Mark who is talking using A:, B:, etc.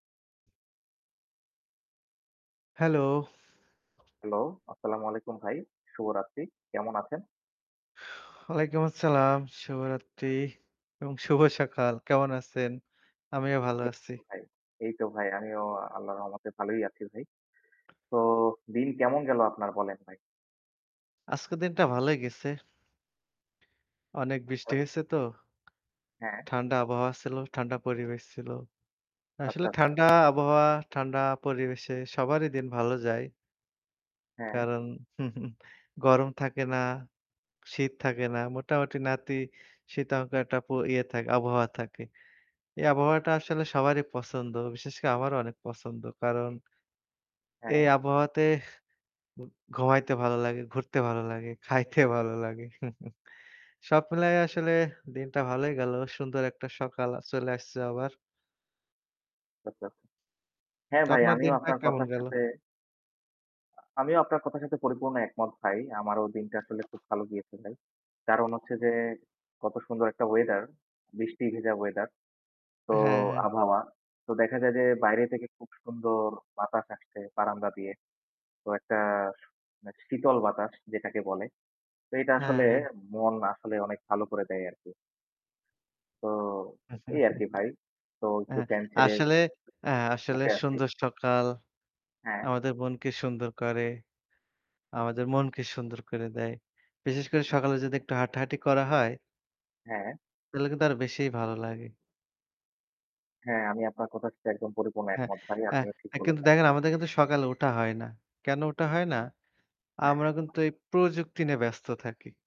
A: Hello.
B: Hello. আসসালামু আলাইকুম ভাই। শুভরাত্রি। কেমন আছেন?
A: ওয়ালাইকুম আসসালাম। শুভরাত্রি এবং শুভ সকাল। কেমন আছেন? আমিও ভালো
B: এই
A: আছি।
B: তো ভাই, এই তো ভাই, আমিও আল্লাহর রহমতে ভালোই আছি ভাই। তো দিন কেমন গেল আপনার? বলেন ভাই।
A: আজকের দিনটা ভালই গেছে। অনেক বৃষ্টি
B: [unintelligible]
A: হইছে তো।
B: হ্যাঁ।
A: ঠান্ডা আবহাওয়া ছিল, ঠান্ডা পরিবেশ ছিল।
B: আচ্ছা,
A: আসলে
B: আচ্ছা।
A: ঠান্ডা আবহাওয়া, ঠান্ডা পরিবেশে সবারই দিন ভালো যায়।
B: হ্যাঁ।
A: কারণ, গরম থাকে না, শীত থাকে না। মোটামুটি নাতিশীত অঙ্ক একটা ইয়ে থাকে আবহাওয়া থাকে। এই আবহাওয়াটা আসলে সবারই পছন্দ। বিশেষ করে আমারও অনেক পছন্দ। কারণ
B: হ্যাঁ।
A: এই আবহাওয়াতে ঘু ঘুমাইতে ভালো লাগে, ঘুরতে ভালো লাগে, খাইতে ভালো লাগে। সব মিলায় আসলে দিনটা ভালই গেল। সুন্দর একটা সকাল চলে আসছে আবার।
B: আচ্ছা, আচ্ছা। হ্যাঁ
A: তো
B: ভাই,
A: আপনার
B: আমিও
A: দিন ভাই
B: আপনার
A: কেমন
B: কথার
A: গেল?
B: সাথে আ আমিও আপনার কথার সাথে পরিপূর্ণ একমত ভাই। আমারও দিনটা আসলে খুব ভালো গিয়েছে ভাই। কারণ হচ্ছে যে, কত সুন্দর একটা ওয়েদার! বৃষ্টি ভেজা ওয়েদার, তো
A: হ্যাঁ, হ্যাঁ।
B: আবহাওয়া। তো দেখা যায় যে বাইরে থেকে খুব সুন্দর বাতাস আসছে বারান্দা দিয়ে। তো একটা শ শীতল বাতাস যেটাকে বলে। তো এটা
A: হ্যাঁ,
B: আসলে
A: হ্যাঁ।
B: মন আসলে অনেক ভালো করে দেয় আরকি। তো এই আরকি ভাই। তো
A: এ্যা
B: একটু ফ্যান ছেড়ে
A: আসলে এ্যা আসলে
B: উঠে আছি।
A: সুন্দর সকাল।
B: হ্যাঁ।
A: আমাদের মনকে সুন্দর করে। আমাদের মনকে সুন্দর করে দেয়। বিশেষ করে সকালে যদি একটু হাঁটাহাঁটি করা হয়
B: হ্যাঁ।
A: তাইলে কিন্তু আরো বেশিই ভালো লাগে।
B: হ্যাঁ, আমি আপনার কথার সাথে একদম পরিপূর্ণ
A: হ্যাঁ।
B: একমত ভাই, আপনিও ঠিক
A: এ্যা কিন্তু
B: বলেছেন।
A: দেখেন আমাদের কিন্তু সকালে ওঠা হয় না। কেন ওঠা হয় না? আমরা
B: হ্যাঁ।
A: কিন্তু এই প্রযুক্তি নিয়ে ব্যস্ত থাকি।